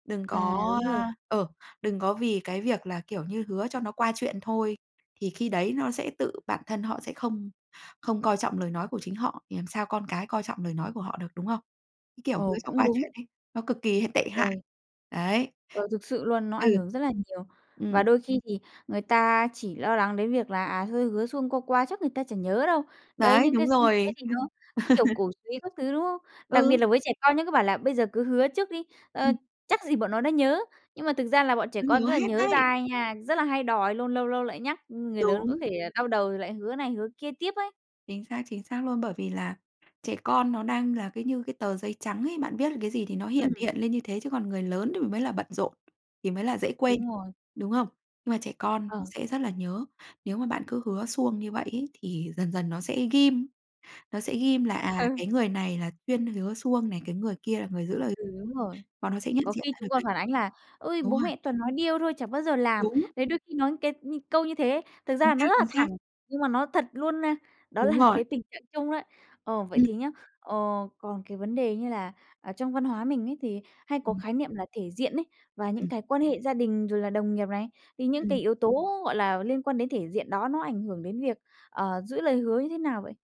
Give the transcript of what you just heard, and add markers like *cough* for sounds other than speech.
Đừng À, có, đúng rồi. a ờ, đừng có vì cái việc là, kiểu như, hứa cho nó qua chuyện thôi, thì khi đấy nó sẽ tự bản thân họ sẽ không không coi trọng lời nói của chính họ, thì làm sao con cái coi trọng lời nói của họ được, đúng không? Cái kiểu hứa Ồ, cho cũng qua chuyện đúng. ấy, nó cực kỳ h tệ hại. Ôi. Đấy. Ờ, thực sự luôn, nó Ừ. ảnh hưởng rất là nhiều. Và Ừm. đôi khi thì người ta chỉ lo lắng đến việc là, à, hơi hứa suông qua qua chắc người ta chẳng nhớ đâu. Đấy, Đấy, những cái đúng xu thế rồi. thì nó Ừm. cứ, kiểu, *laughs* cổ xúy các thứ, đúng không? Đặc biệt Ừ. là với trẻ con nhé cứ bảo là bây giờ cứ hứa trước đi, ờ, Ừm. chắc gì bọn nó đã nhớ, nhưng mà thực ra là bọn trẻ Nó con nhớ rất là hết nhớ đấy. dai nha, rất là hay đòi luôn, lâu lâu lại nhắc, ưm, người lớn có Đúng. thể đau đầu rồi lại hứa này hứa kia tiếp ấy. Chính xác, chính xác luôn. Bởi vì là trẻ con nó đang là cứ như cái tờ giấy trắng ấy, bạn viết lên cái gì thì nó hiển Ừm. hiện lên như thế, chứ còn người lớn đ mới là bận rộn, thì mới là dễ quên, Đúng rồi. đúng không? Nhưng mà trẻ con nó Ờ. sẽ rất là nhớ. Nếu mà bạn cứ hứa suông như vậy ấy thì dần dần nó sẽ ghim, nó sẽ ghim là, à, Ừ. cái người này là chuyên hứa suông này, cái người kia là người giữ lời, Ừ, đúng rồi. bọn nó sẽ nhận Có diện khi ra được chúng còn đấy. phản ánh là "Ôi, Đúng bố rồi. mẹ toàn nói điêu thôi, chả bao giờ làm." Đúng. Đấy, đôi khi nói cái như câu như thế, thực Chính ra nó xác, rất là chính thẳng, xác. nhưng mà nó thật luôn, a, đó Đúng là rồi. cái tình trạng chung đó. Ờ, vậy Ừm. thì nhá, ờ, còn cái vấn đề như là ở trong văn hóa mình ấy thì hay có Ừm. khái niệm là thể diện ấy, và những Ừm. cái quan hệ gia đình rồi là đồng nghiệp này, thì những cái Ừm. yếu tố, gọi là, liên quan đến thể diện đó nó ảnh hưởng đến việc, ờ, giữ lời hứa như thế nào vậy?